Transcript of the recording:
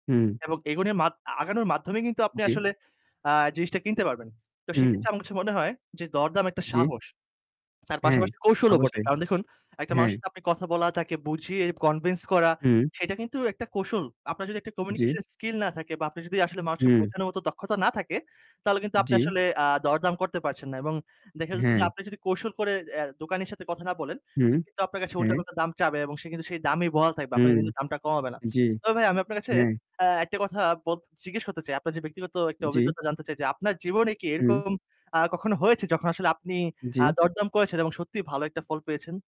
হুম। এবং এগুলির মাত আগানোর মাধ্যমে কিন্তু আপনি জি। আসলে আ জিনিসটা কিনতে পারবেন। তো উম সেক্ষেত্রে আমার কাছে মনে হয় যে দরদাম একটা জি। সাহস, তার হ্যাঁ, পাশাপাশি কৌশলও বটে। অবশ্যই। কারণ দেখুন, একটা হ্যাঁ। মানুষের সাথে আপনি কথা বলা, তাকে বুঝিয়ে convince করা হুম। সেইটা কিন্তু একটা কৌশল। আপনার যদি একটা জি। communication skill না থাকে বা আপনার যদি আসলে মানুষকে হুম। বোঝানোর মতো দক্ষতা না থাকে তাহলে কিন্তু আপনি জি। আসলে আ দরদাম করতে পারছেন না এবং দেখা যাচ্ছে যে, হ্যাঁ। আপনি যদি কৌশল করে অ্যা দোকানির সাথে কথা না বলেন। হুম। সে কিন্তু আপনার কাছে হ্যাঁ। উল্টো-পাল্টা দাম চাবে এবং সে কিন্তু সেই দামেই বহাল থাকবে। আপনার উম কিন্তু দামটা কমাবে না। জি। তবে ভাই আমি আপনার কাছে হ্যাঁ। অ্যা একটা কথা বল জিজ্ঞেস করতে চাই। আপনার যে ব্যক্তিগত একটা জি। অভিজ্ঞতা জানতে চাই যে, আপনার জীবনে কি হুম। এরকম আ কখনো হয়েছে যখন আসলে আপনি আ জি। দরদাম করেছেন এবং সত্যিই ভালো একটা ফল পেয়েছেন?